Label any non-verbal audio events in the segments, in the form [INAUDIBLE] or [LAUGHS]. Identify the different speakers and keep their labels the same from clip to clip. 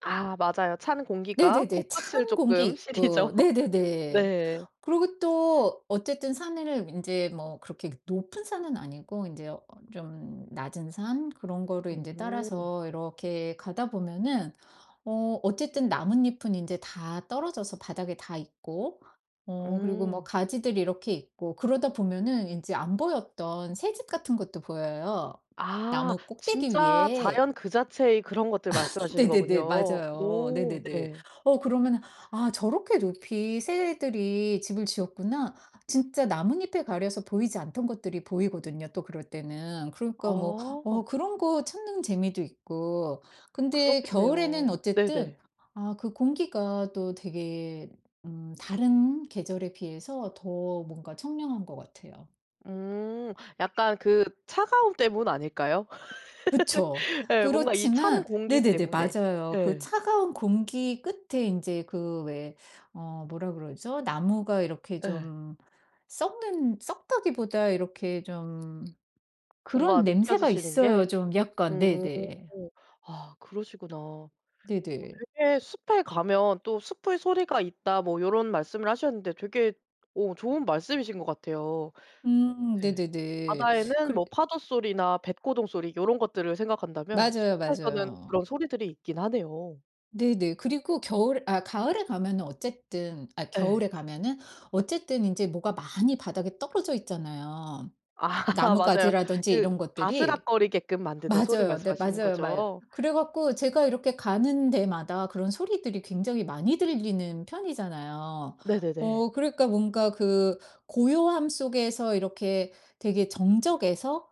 Speaker 1: 아 맞아요. 찬 공기가
Speaker 2: 네네네.
Speaker 1: 코끝을
Speaker 2: 찬 공기
Speaker 1: 쪼끔 시리죠.
Speaker 2: 있고 네네네.
Speaker 1: 네.
Speaker 2: 그리고 또 어쨌든 산에는 인제 뭐 그렇게 그 높은 산은 아니고 인제 어 좀 낮은 산 그런 거를 인제
Speaker 1: 오.
Speaker 2: 따라서 이렇게 가다 보면은 어 어쨌든 나뭇잎은 인제 다 떨어져서 바닥에 다 있고 어 그리고 뭐
Speaker 1: 응.
Speaker 2: 가지들이 이렇게 있고 그러다 보면은 인제 안 보였던 새집 같은 것도 보여요.
Speaker 1: 아
Speaker 2: 나무 꼭대기
Speaker 1: 진짜
Speaker 2: 위에.
Speaker 1: 자연 그 자체의 그런 것들
Speaker 2: [LAUGHS]
Speaker 1: 말씀하시는
Speaker 2: 네네네.
Speaker 1: 거군요.
Speaker 2: 맞아요.
Speaker 1: 오
Speaker 2: 네네네.
Speaker 1: 네.
Speaker 2: 어 그러면은 '아 저렇게 높이 새들이 집을 지었구나.' 진짜 나뭇잎에 가려서 보이지 않던 것들이 보이거든요, 또 그럴 때는. 그러니까 뭐 어
Speaker 1: 어.
Speaker 2: 그런 거 찾는 재미도 있고. 근데 겨울에는
Speaker 1: 그렇겠네요.
Speaker 2: 어쨌든
Speaker 1: 네네.
Speaker 2: 아 그 공기가 또 되게 음 다른 계절에 비해서 더 뭔가 청량한 것 같아요.
Speaker 1: 음. 약간 그 차가움 때문 아닐까요?
Speaker 2: 그쵸.
Speaker 1: [LAUGHS] 예 뭔가 이 찬
Speaker 2: 그렇지만
Speaker 1: 공기
Speaker 2: 네네네.
Speaker 1: 때문에
Speaker 2: 맞아요. 그
Speaker 1: 예.
Speaker 2: 차가운 공기 끝에 인제 그 왜 어 뭐라 그러죠? 나무가 이렇게
Speaker 1: 예.
Speaker 2: 좀 썩는 썩다기보다 이렇게 좀
Speaker 1: 뭔가
Speaker 2: 그런 냄새가
Speaker 1: 느껴지시는
Speaker 2: 있어요
Speaker 1: 게
Speaker 2: 좀 약간.
Speaker 1: 음.
Speaker 2: 네네.
Speaker 1: 아 그러시구나. 어
Speaker 2: 네네.
Speaker 1: 되게 "숲에 가면 또 숲의 소리가 있다." 뭐 요런 말씀을 하셨는데 되게 오 좋은 말씀이신 거 같아요.
Speaker 2: 음
Speaker 1: 네
Speaker 2: 네네네.
Speaker 1: 바다에는
Speaker 2: 그래
Speaker 1: 뭐 파도소리나 뱃고동 소리 요런 것들을 생각한다면
Speaker 2: 맞아요,
Speaker 1: 숲에서는
Speaker 2: 맞아요.
Speaker 1: 그런 소리들이 있긴 하네요.
Speaker 2: 네네. 그리고 겨울 아 가을에 가면은 어쨌든 아
Speaker 1: 예.
Speaker 2: 겨울에 가면은 어쨌든 인제 뭐가 많이 바닥에 떨어져 있잖아요.
Speaker 1: 아 [LAUGHS] 맞아요.
Speaker 2: 나뭇가지라든지
Speaker 1: 그
Speaker 2: 이런 것들이.
Speaker 1: 바스락거리게끔 만드는 소리
Speaker 2: 맞아요. 네,
Speaker 1: 말씀하시는
Speaker 2: 맞아요. 마요.
Speaker 1: 거죠?
Speaker 2: 그래 갖고 제가 이렇게 가는 데마다 그런 소리들이 굉장히 많이 들리는 편이잖아요.
Speaker 1: 네네네.
Speaker 2: 어 그러니까 뭔가 그 고요함 속에서 이렇게 되게 정적에서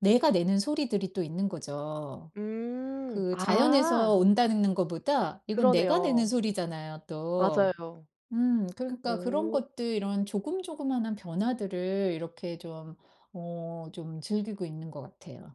Speaker 2: 내가 내는 소리들이 또 있는 거죠.
Speaker 1: 음
Speaker 2: 그 자연에서
Speaker 1: 아.
Speaker 2: 온다는 는 거보다 이건 내가 내는
Speaker 1: 그러네요.
Speaker 2: 소리잖아요, 또.
Speaker 1: 맞아요.
Speaker 2: 음 그러니까 그런
Speaker 1: 오.
Speaker 2: 것들 이런 조금 조그만한 변화들을 이렇게 좀 어 좀 즐기고 있는 것 같아요.